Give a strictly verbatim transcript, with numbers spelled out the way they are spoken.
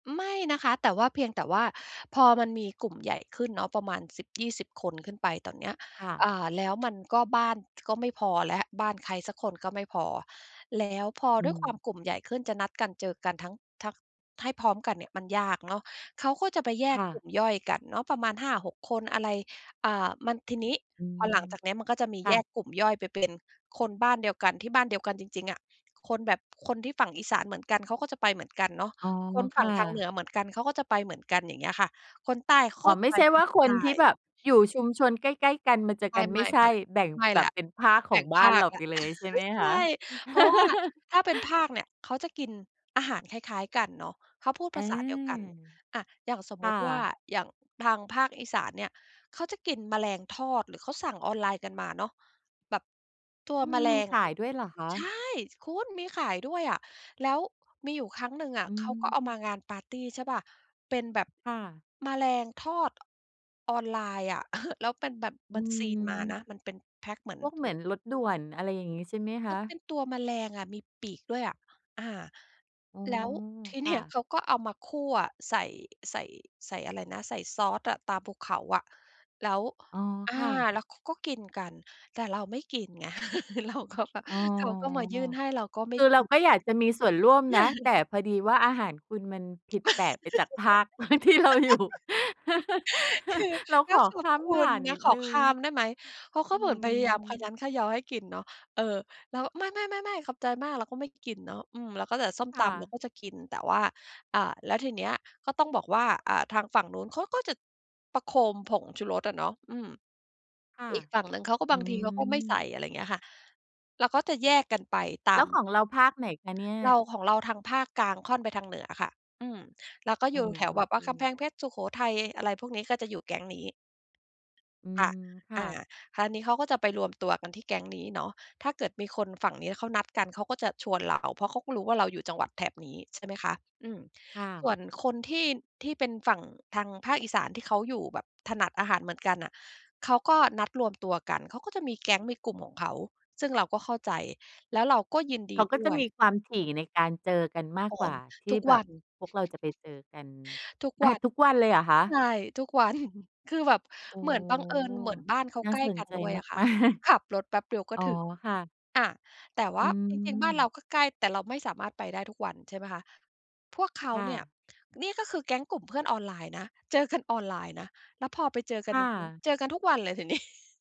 ไม่นะคะ แต่ว่า เพียงแต่ว่า พอมันมีกลุ่มใหญ่ขึ้นเนาะ ประมาณ สิบยี่สิบ คน ขึ้นไปตอนเนี้ย ค่ะ อ่า แล้ว มันก็ บ้าน ท ก็ไม่พอแล้ว บ้านใครสักคนก็ไม่พอ แล้วพออืด้วยความม กลุ่มใหญ่ขึ้น จะนัดกันเจอกันทั้ง ทัก ให้พร้อมกันเนี่ย มันยากเนาะ เขาก็จะไปแยคก่กลุะ ่มย่อยกันเนาะ ประมาณ ห้าหก คน อะไร อ่า มัน ทีนี้อืพอหลังม จากเนี้ยมันก็จะมีคแ่ยะ กกลุ่มย่อยไปเป็นคนบ้านเดียวกัน ที่บ้านเดียวกันจริง ๆ อะ คนแบบ คนที่ฝั่งอีสานเหมือนกันเขาก็จะไปเหมือนกันเนาะ อ๋อ คนคฝั่่งทางเหนะ ือเหมือนกัน เขาก็จะไปเหมือนกัน อย่างเงี้ยค่ะ คนใต้กอ๋็อ ไม่ไป ใช่วอ ่าคใตน้ ที่แบบอยู่ชุมชน ใกล้ ๆ กัน มาเจอไกัน ไมม่่ ใช่ ๆ แบ่งๆ ไม่แบแลบ้ว เป็นภาคขแบอ่งงบภ้านาเรคาแลไป้ว เลย ใช่ไหมใชคะ? ่ เพราะว่า ถ้าเป็นภาคเนี่ย เขาจะกินอาหารคล้าย ๆ กันเนาะ เขาพูดอภา าษาเดียวกัน อา อย่างสมคมุ่ติว่า ะ อย่างทางภาคอีสานเนี่ย เขาจะกินแมลงทอด หรือเขาสั่งออนไลน์กันมาเนาะ แบบ ตัวอืแมม ลมีง ขายด้วยเหรอคะ? ใช่ ช คุณมีขายด้วยอะ แล้วมีอยู่ครั้งหนึ่งออะืเขาก็เอามม างานปาร์ตี ใช่เปล่า เป็นแบบค่ะ แมลงทอด ออนไลน์อะ แล้วเป็นแบบ อมืันซีลมาม นะ มันเป็นแพ็กเหมือนพวกถเหุมือง นรถด่วน อะไรอย่างงี้ใช่ไหมคมัะ? นเป็นตัวแมลงอะ มี ปีกด้วยอะ อา อ๋อ แล้วที คเนี่่ย ะ เขาก็เอามาคั่วใส่ ใส่ ใส่อะไรนะ ใส่ซอสอะ ตราภูเขาอะ แล้ว อ๋อ อา ค่ะ แล้วเขาก็กินกัน แต่เราไม่กินไง เราก็แบบ อ๋อ เขาก็มา ยื่นให้ เราก็ไมค่ือกเราิน ก็อยากจะมีส่วนร่วมนะ แต่พอดีว่าอาหารคุณมันผิดแปลกไปจากภาค ที่เราอยู่ คือ เรากข็อขขอบ้าคมุผ่ณานนนิะ ดขหอนึ่ขง ้ามได้ไหม เพราะเขอาืเหมือนพยายามคะม ยั้นคะยอให้กินเนาะ เออ แล้ว "ไม่ ๆ ๆ ๆ ขอบใจมาก" เราก็ไม่กินเนาะ อืม เราก็เหลือส้มคต่ำเราะ ก็จะกิน แต่ว่า อ่า แล้วทีเนี้ยก็ต้องบอกว่า อ่า ทางฝั่งนู้นเขาก็จะประโคมผงชูรสอะเนาะ อืม ค่ะ อีกฝั่งหนึ่งเขาก็ อบาืงทีเขาก็ไม่ใส่ ม อะไรเงี้ยค่ะ แล้วก็จะแยกกันไปตแลา้วม ของเราภาคไหนคะเนี่ย? เรา ของเราทางภาคกลางค่อนไปทางเหนือค่ะ อืม แล้วก็โออย้ ู่แถโวอแบบเคว่า กำแพคง่ะ เพชร สุโขทัย อะไรพวกนี้ ก็จะอยู่แก๊งนี้ อืคม ่ะ ค่อะ า คราวนี้เขาก็จะไปรวมตัวกันที่แก๊งนี้เนาะ ถ้าเกิดมีคนฝั่งนี้เขานัดกัน เขาก็จะชวนเรา เพราะเขาก็รู้ว่าเราอยู่จังหวัดแถบนี้ ใช่ไหมคะ อืม ค่ะ ส่วนคนที่ ที่เป็นฝั่งทางภาคอีสานที่เขาอยู่แบบ ถนัดอาหารเหมือนกันน่ะ เขาก็นัดรวมตัวกัน เขาก็จะมีแก๊งมีกลุ่มของเขา ซึ่งเราก็เข้าใจ แล้วเราก็ยินดเขีาก็ดจ้ะวมย ีความถี่ในการเจอกันมาโกอ้ กว่า ททีุ่กแบวับน พวกเราจะไปเจอกัน ทุกอวา ัน ทุกวันเลยเหรอคะ? ใช่ ทุก วัน คือแบบโอ้! เหมือนบังเอิญ เหมือนบ้านเขาน่าใกล้สนกันใจด้วยมาอก ะค่มะ าก ขับรถแป๊บเดียวก็อ๋อ ถึง ค่ะ อา แต่วอื่า จริง ๆ บ้านเราม ก็ใกล้ แต่เราไม่สามารถไปได้ทุกวัน ใช่ไหมคะ พวกเขาค่เนี่ย ะ นี่ ก็คือแก๊งกลุ่มเพื่อนออนไลน์นะ เจอกัน ออนไลน์นะ แล้วพอไปเจอกัคน่จริง ะ ๆ เจอกันทุกวันเลยที นี้